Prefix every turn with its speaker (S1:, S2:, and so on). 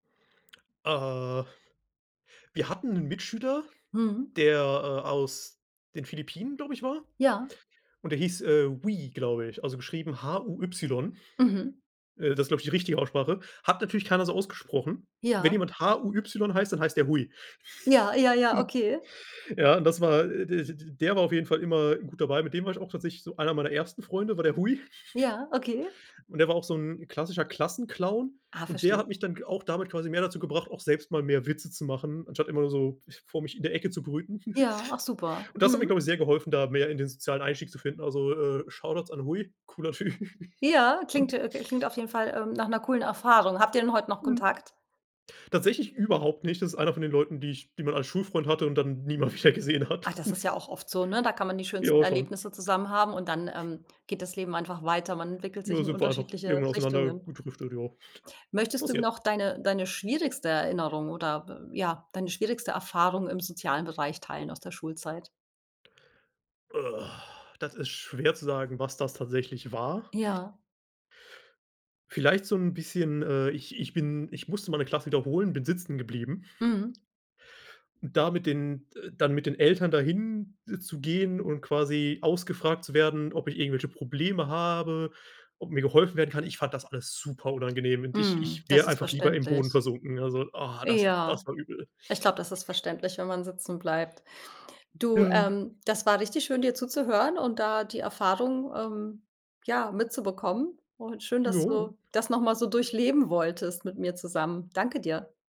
S1: Äh. Wir hatten 'nen Mitschüler,
S2: Mhm.
S1: der, äh, aus den Philippinen, glaube ich, war.
S2: Ja.
S1: Und der hieß, äh, Hui, glaube ich, also, geschrieben H-U-Y.
S2: Mhm.
S1: Äh, das ist, glaube ich, die richtige Aussprache. Hat natürlich keiner so ausgesprochen. Wenn
S2: Ja.
S1: jemand H-U-Y heißt, dann heißt der Hui.
S2: Ja, ja, ja, okay.
S1: Ja und das, äh, d d der war auf jeden Fall immer gut dabei. Mit dem war ich auch tatsächlich so einer meiner ersten Freunde, war der Huy.
S2: Ja, okay.
S1: Und der war auch so 'n klassischer Klassenclown.
S2: Ah,
S1: Und der
S2: verstehe.
S1: hat mich dann k auch damit quasi mehr dazu gebracht, auch selbst mal mehr Witze zu machen, anstatt immer nur so ich vor mich in der Ecke zu brüten.
S2: Ja, ach super.
S1: Und das hat mir,
S2: Mhm.
S1: glaube ich, sehr geholfen, da mehr in den sozialen Einstieg zu finden. Also, äh, Shoutouts an Huy, cooler Typ.
S2: Ja, klingt, äh klingt auf jeden Fall, ähm, nach 'ner coolen Erfahrung. Habt ihr denn heut noch
S1: Mhm.
S2: Kontakt?
S1: Tatsächlich überhaupt nicht. Das ist einer von den Leuten, die ich die man als Schulfreund hatte und dann nie mehr wieder gesehen
S2: Ach,
S1: hat.
S2: das ist ja auch oft so, ne, da kann man die schönsten
S1: Ja, schon.
S2: Erlebnisse zusammen haben und dann, ähm, geht das Leben einfach weiter. Man entwickelt sich
S1: Ja,
S2: in
S1: sind wir einfach,
S2: unterschiedliche
S1: irgendwann auseinander
S2: Richtungen.
S1: gedriftet, ja.
S2: Möchtest du
S1: Passiert.
S2: noch deine deine schwierigste Erinnerung oder w ja, deine schwierigste Erfahrung im sozialen Bereich teilen aus der Schulzeit?
S1: Das ist schwer zu sagen, was das tatsächlich war.
S2: Ja.
S1: Vielleicht so 'n bisschen, äh ich ich bin ich musste mal 'ne Klasse wiederholen, bin sitzen geblieben.
S2: Mhm.
S1: Da mit den, äh dann mit den Eltern dahin zu gehen und quasi ausgefragt zu werden, ob ich irgendwelche Probleme habe, ob mir geholfen werden kann, ich fand das alles super unangenehm und ich
S2: Mhm.
S1: ich
S2: Das
S1: wäre
S2: ist
S1: einfach lieber im Boden
S2: verständlich.
S1: versunken. Also, ah, das
S2: Ja.
S1: das war übel.
S2: Ich glaube, das ist verständlich, wenn man sitzen bleibt. Du,
S1: Ja.
S2: ähm, das war richtig schön, dir zuzuhören und da die Erfahrung, ähm, ja, mitzubekommen. Und schön, dass
S1: Jo, ja.
S2: du das noch mal so durchleben wolltest mit mir zusammen. Danke dir.